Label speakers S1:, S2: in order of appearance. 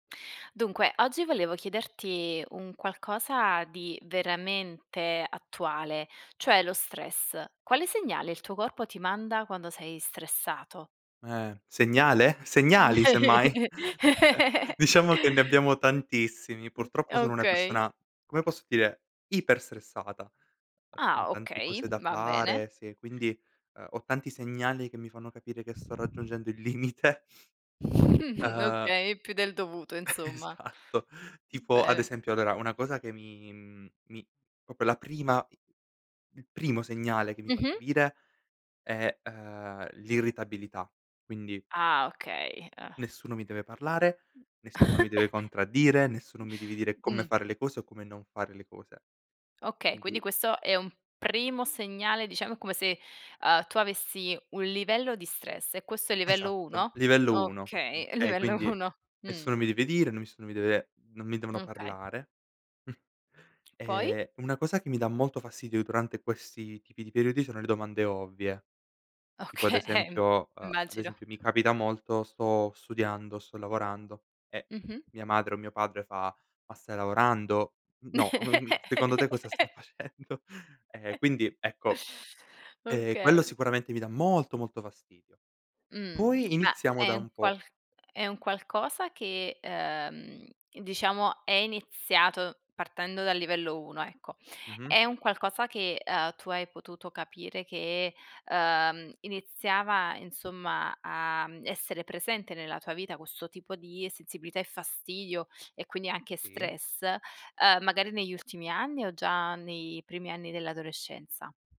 S1: Dunque, oggi volevo chiederti un qualcosa di veramente attuale, cioè lo stress. Quale segnale il tuo corpo ti manda quando sei stressato?
S2: Eh, segnale? Segnali semmai. Diciamo che ne abbiamo tantissimi. Purtroppo sono una
S1: Okay.
S2: persona, come posso dire, iperstressata. Ehm, con
S1: Ah,
S2: tante
S1: okay,
S2: cose da
S1: va bene.
S2: fare, sì, quindi, ehm, ho tanti segnali che mi fanno capire che sto raggiungendo il limite. Ehm.
S1: Okay, più del dovuto insomma.
S2: Esatto.
S1: B
S2: Tipo ad
S1: bene.
S2: esempio, allora, una cosa che mi, mhmm, mi proprio la prima il primo segnale che mi fa
S1: Mh-mh.
S2: capire è, ehm, l'irritabilità, quindi
S1: Ah, okay, eh.
S2: nessuno mi deve parlare, nessuno mi deve contraddire, nessuno mi deve dire come
S1: Mh.
S2: fare le cose o come non fare le cose.
S1: Okay, quindi
S2: Quindi
S1: questo è un primo segnale diciamo come se, ehm, tu avessi un livello di stress e questo è il livello
S2: Esatto,
S1: 1?
S2: livello 1,
S1: Okay,
S2: okay.
S1: livello
S2: Quindi,
S1: 1. Mh.
S2: nessuno mi deve dire, nessuno mi deve non mi devono
S1: Okay.
S2: parlare.
S1: Poi?
S2: Ehm, una cosa che mi dà molto fastidio durante questi tipi di periodi sono le domande ovvie. Tipo ad
S1: Okay,
S2: esempio, a ad
S1: immagino.
S2: esempio mi capita molto, sto studiando, sto lavorando e
S1: Mh-mh.
S2: mia madre o mio padre fa: "Ma stai lavorando?" N no, secondo te cosa sto facendo? E quindi ecco, ehm, quello
S1: Okay.
S2: sicuramente mi dà molto molto fastidio.
S1: Mh.
S2: Poi
S1: Ma
S2: iniziamo da
S1: è un
S2: un po'
S1: qual è un qualcosa che, ehm, diciamo è iniziato partendo dal livello 1, ecco.
S2: Mh-mh.
S1: È un qualcosa che, ehm, tu hai potuto capire che, ehm, iniziava insomma a, mhmm, essere presente nella tua vita questo tipo di sensibilità e fastidio e quindi anche
S2: Sì.
S1: stress, ehm, magari negli ultimi anni o già nei primi anni dell'adolescenza?